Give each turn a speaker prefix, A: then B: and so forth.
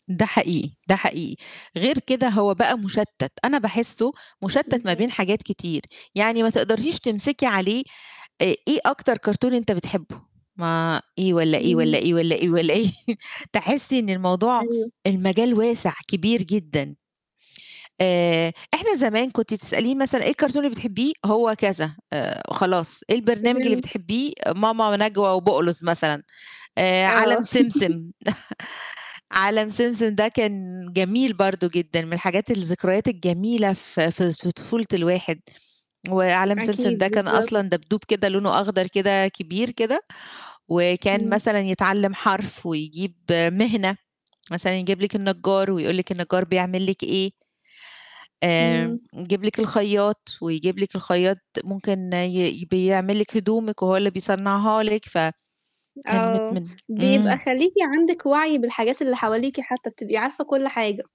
A: ده حقيقي، ده حقيقي، غير كده هو بقى مشتِّت، أنا باحسّه مشتِّت ما
B: اهم.
A: بين حاجات كتير يعني، ما تقدريش تمسكي عليه آآ، إيه أكتر كرتون أنت بتحبّه؟ ما إيه والّا إيه، والّا
B: إمم.
A: إيه، والّا إيه والّا إيه، تحسّي إن الموضوع
B: أيوه.
A: المجال واسع، كبير جدًا. آآ، إحنا زمان كنتِ تسأليني مثلًا إيه الكرتون اللي بتحبّيه؟ هو كذا آآ، خلاص إيه البرنامج اللي
B: فهمت.
A: بتحبّيه؟ ماما نجوى وبقلظ مثلًا، آآ عالم
B: آه.
A: سمسم عالم سمسم ده كان جميل برضه جدًا، من الحاجات، الذكريات الجميلة في في في طفولة الواحد. وعالم سمسم
B: أكيد،
A: ده كان
B: بالضبط.
A: أصلًا دبدوب كده لونه أخضر كده كبير كده، وكان
B: امم.
A: مثلًا يتعلّم حرف ويجيب مهنة، مثلًا يجيب لِك النجّار ويقول لِك النجّار بيعمل لِك إيه؟ آآ،
B: إمم.
A: يجيب لِك الخيّاط، ويجيب لِك الخيّاط ممكن ي بيعمل لِك هدومِك وهو اللي بيصنعها لِك ف كان مت
B: آه،
A: من
B: بيبقى
A: امم.
B: خليكِ عندِك وعي بالحاجات اللي حواليكِ حتى بتبقي عارفة كل حاجة.